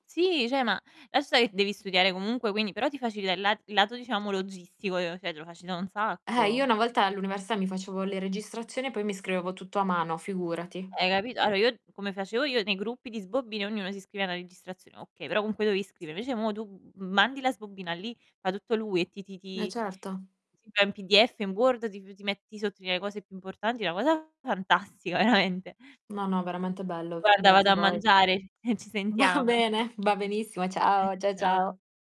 Sì, cioè, ma lascia stà che devi studiare comunque, quindi però ti facilita il la il lato diciamo logistico, cioè te lo facilita un Eh, io sacco. una volta all'università, mi facevo le registrazioni e poi mi scrivevo tutto a mano, figurati. Hai capito? Allora io come facevo io nei gruppi di sbobbine, ognuno si scrive una registrazione, okay, però comunque dovevi scrivere. Invece mo tu, m mandi la sbobina lì, fa tutto lui e ti ti E ti certo. si fa in PDF, in Word, ti f ti met ti sottolinea le cose più importanti, una cosa fantastica veramente. No, no, veramente bello. Guarda, vado Beati a voi. mangiare, ehm, ci Va sentiamo. bene, va benissimo. Eh, Ciao, cia ciao. ciao.